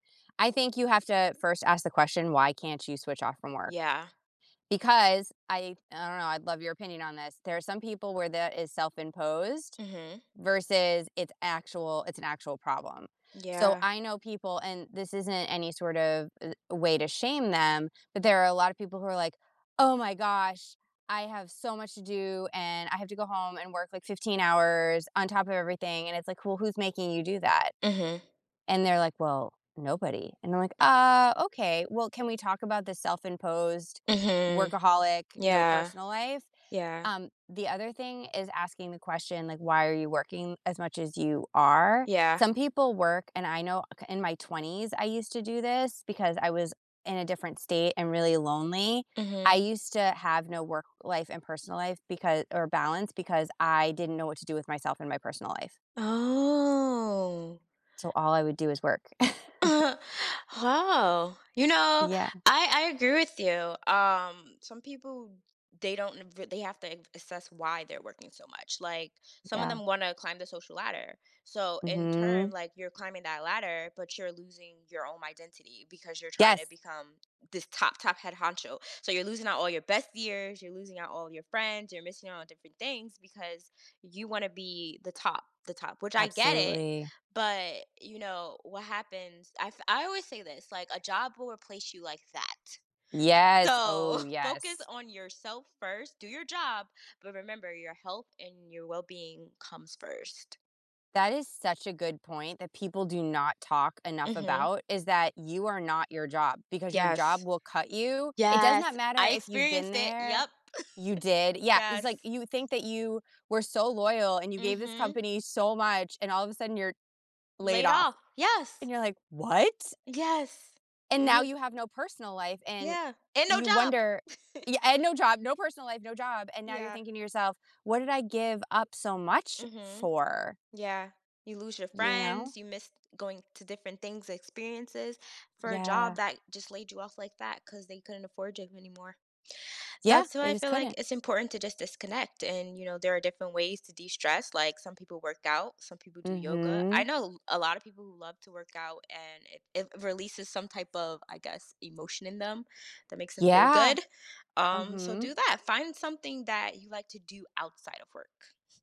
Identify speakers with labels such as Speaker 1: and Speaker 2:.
Speaker 1: I think you have to first ask the question, "Why can't you switch off from work?"
Speaker 2: Yeah.
Speaker 1: Because I I don't know, I'd love your opinion on this, there's some people where that is self-imposed
Speaker 2: Mhm.
Speaker 1: versus it's actual it's an actual problem. So,
Speaker 2: Yeah.
Speaker 1: I know people and this isn't any sort of, uh, way to shame them, but there are a lot of people who are like, "Oh, my gosh. I have so much to do, and I have to go home and work, like, 15 hours on top of everything." And it's like, "Well, who's making you do that?"
Speaker 2: Mhm.
Speaker 1: And they're like, "Well, nobody," and I'm like, "Ah, okay. Well, can we talk about the self-imposed
Speaker 2: Mhm.
Speaker 1: workaholic, no
Speaker 2: Yeah.
Speaker 1: personal life?"
Speaker 2: Yeah.
Speaker 1: Um, the other thing is asking the question, like, "Why are you working as much as you are?"
Speaker 2: Yeah.
Speaker 1: Some people work, and I know k in my 20s, I used to do this because I was in a different state and really lonely. I
Speaker 2: Mhm.
Speaker 1: used to have no work life and personal life becau or balance because I didn't know what to do with myself in my personal life.
Speaker 2: Oh.
Speaker 1: So, all I would do is work.
Speaker 2: Oh. You know,
Speaker 1: Yeah.
Speaker 2: I I agree with you. Um, some people, they don't n v they have to a assess why they're working so much, like, some of
Speaker 1: Yeah.
Speaker 2: them wanna climb the social ladder. So, in
Speaker 1: Mhm.
Speaker 2: term, like, you're climbing that ladder, but you're losing your own identity because you're trying to
Speaker 1: Yes!
Speaker 2: become this top, top head honcho. So you're losing out all your best years, you're losing out all your friends, you're missing out on different things because you wanna be the top the top, which, I get it,
Speaker 1: Absolutely.
Speaker 2: but, you know, what happens I've I always say this, like, "A job will replace you like that. So,
Speaker 1: Yes, oh,
Speaker 2: focus
Speaker 1: yes.
Speaker 2: on yourself first, do your job, but remember your health and your well-being comes first."
Speaker 1: That is such a good point that people do not talk enough
Speaker 2: Mhm.
Speaker 1: about, is that you are not your job because your job
Speaker 2: Yes.
Speaker 1: will cut you. It does not
Speaker 2: Yes.
Speaker 1: matter
Speaker 2: I
Speaker 1: if you've been
Speaker 2: experienced it,
Speaker 1: there
Speaker 2: yep.
Speaker 1: You did? Yeah, it's, like,
Speaker 2: Yes.
Speaker 1: you think that you were so loyal and you gave this
Speaker 2: Mhm.
Speaker 1: company so much and all of a sudden you're laid
Speaker 2: Laid
Speaker 1: off.
Speaker 2: off.
Speaker 1: And
Speaker 2: Yes.
Speaker 1: you're like, "What?"
Speaker 2: Yes.
Speaker 1: And now
Speaker 2: You're
Speaker 1: you have no personal life and
Speaker 2: Yeah. And no
Speaker 1: you
Speaker 2: job.
Speaker 1: wonder Yeah, and no job. No personal life, no job. And now you're
Speaker 2: Yeah.
Speaker 1: thinking to yourself, "What did I give up so much
Speaker 2: Mhm.
Speaker 1: for?"
Speaker 2: Yeah. You lose your
Speaker 1: You know?
Speaker 2: friends, you miss going to different things experiences for a job
Speaker 1: Yeah.
Speaker 2: that just laid you off like that 'cause they couldn't afford you anymore.
Speaker 1: Yeah.
Speaker 2: That's why
Speaker 1: They
Speaker 2: I
Speaker 1: just
Speaker 2: feel like
Speaker 1: couldn't.
Speaker 2: it's important to just disconnect and, you know, there are different ways to de-stress, like, some people work out, some people do yoga. I
Speaker 1: Mhm.
Speaker 2: know a l a lot of people who love to work out, and it it releases some type of, I guess, emotion in them that makes them feel
Speaker 1: Yeah.
Speaker 2: good.
Speaker 1: Uh,
Speaker 2: Um, so
Speaker 1: hmm.
Speaker 2: do that. Find something that you like to do outside of work.